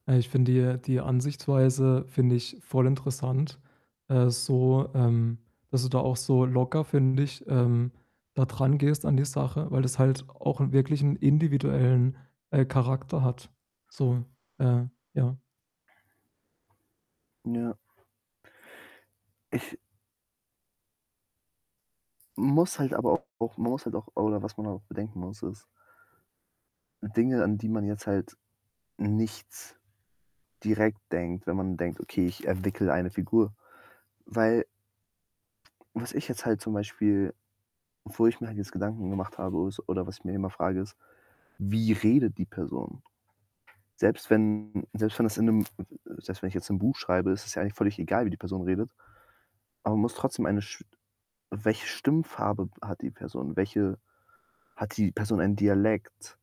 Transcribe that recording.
Äh, ich finde die, äh die Ansichtsweise finde ich voll interessant, äh, so, ähm, dass du da auch so locker, finde ich, ähm, da drangehst an die Sache, weil das halt auch 'nen wirklichen individuellen, äh, Charakter hat. So äh, ja. Ja. Ich muss halt aber auch man muss halt auch oder was man auch bedenken muss, ist Dinge, an die man jetzt halt nichts direkt denkt, wenn man denkt: „Okay, ich entwickle eine Figur.“ Weil was ich jetzt halt zum Beispiel wo ich mir halt jetzt Gedanken gemacht habe ist oder was ich mir immer frage, ist: „Wie redet die Person?“ Selbst wenn selbst wenn das in 'nem selbst wenn ich jetzt 'n Buch schreibe, ist es ja eigentlich völlig egal, wie die Person redet. Aber man muss trotzdem eine sch welche Stimmfarbe hat die Person? Welche hat die Person einen Dialekt?